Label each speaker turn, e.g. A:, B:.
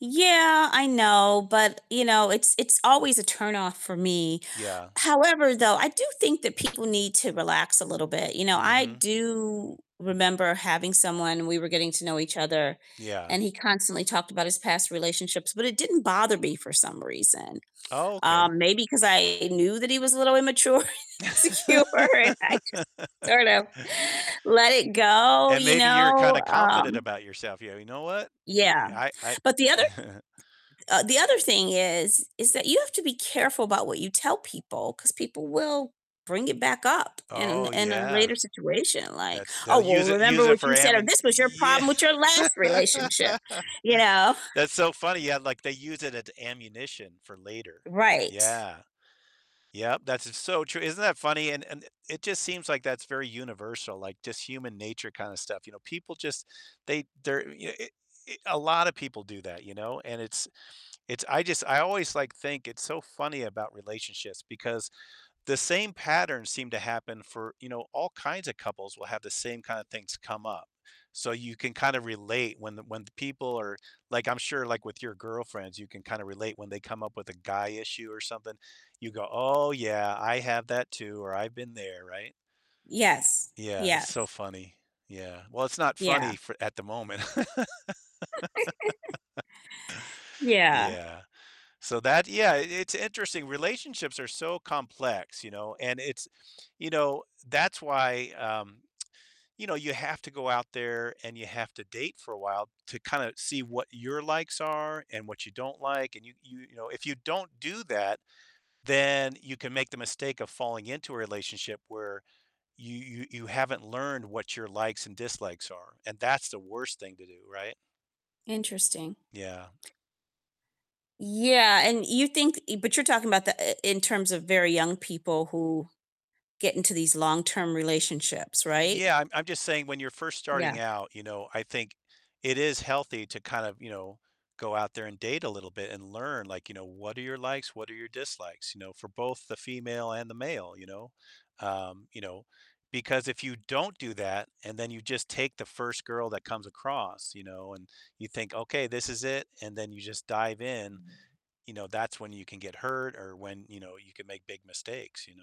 A: Yeah, I know, but, you know, it's it's always a turn-off for me.
B: Yeah.
A: However, though, I do think that people need to relax a little bit. You know, I
B: Mhm.
A: do remember having someone we were getting to know each other,
B: Yeah.
A: and he constantly talked about his past relationships, but it didn't bother me for some reason.
B: Oh, okay.
A: Um, maybe 'cause I knew that he was a little immature and insecure and I just sort of let it go,
B: And
A: you
B: maybe you're
A: know?
B: kinda confident
A: Um
B: about yourself. Yeah, you know what? I
A: Yeah.
B: i I
A: But the
B: I
A: other uh, the other thing is, is that you have to be careful about what you tell people 'cause people will bring it back up in a
B: Oh,
A: in a
B: yeah.
A: later situation like,
B: That's
A: "Oh,
B: they'll
A: well
B: use it use
A: remember
B: it
A: what
B: for
A: you said," or,
B: ammon
A: "This was your
B: y
A: problem with your
B: yeah.
A: last relationship." You know?
B: That's so funny. Yeah, like, they use it at ammunition for later.
A: Right.
B: Yeah. Yep, that's s so true, isn't that funny, and and it just seems like that's very universal, like, just human nature kinda stuff, you know? People just they they're y e a lot of people do that, you know? And it's it's I just I always, like, think it's so funny about relationships because the same patterns seem to happen for you know, all kinds of couples will have the same kind of things come up. So you can kind of relate when the when the people are like, I'm sure, like, with your girlfriends, you can kinda relate when they come up with a guy issue or something. You go, "Oh yeah, I have that too," or, "I've been there," right?
A: Yes.
B: Yeah, so
A: Yes.
B: funny. Yeah. Well, it's not
A: Yeah.
B: funny for at the moment.
A: Yeah.
B: Yeah. So that yeah, it's interesting. Relationships are so complex, you know? And it's you know, that's why, um, you know, you have to go out there and you have to date for a while to kinda see what your likes are and what you don't like, and you you you know, if you don't do that, then you can make the mistake of falling into a relationship where you you you haven't learned what your likes and dislikes are, and that's the worst thing to do, right?
A: Interesting.
B: Yeah.
A: Yeah, and you think e but you're talking about the i in terms of very young people who get into these long-term relationships, right?
B: Yeah, I'm I'm just saying when you're first starting
A: Yeah.
B: out, you know, I think it is healthy to kind of, you know, go out there and date a little bit and learn, like, you know, what are your likes, what are your dislikes, you know, for both the female and the male, you know? Um, you know, because if you don't do that, and then you just take the first girl that comes across, you know, and you think, "Okay, this is it," and then you just dive in, you know, that's when you can get hurt or when, you know, you can make big mistakes, you know?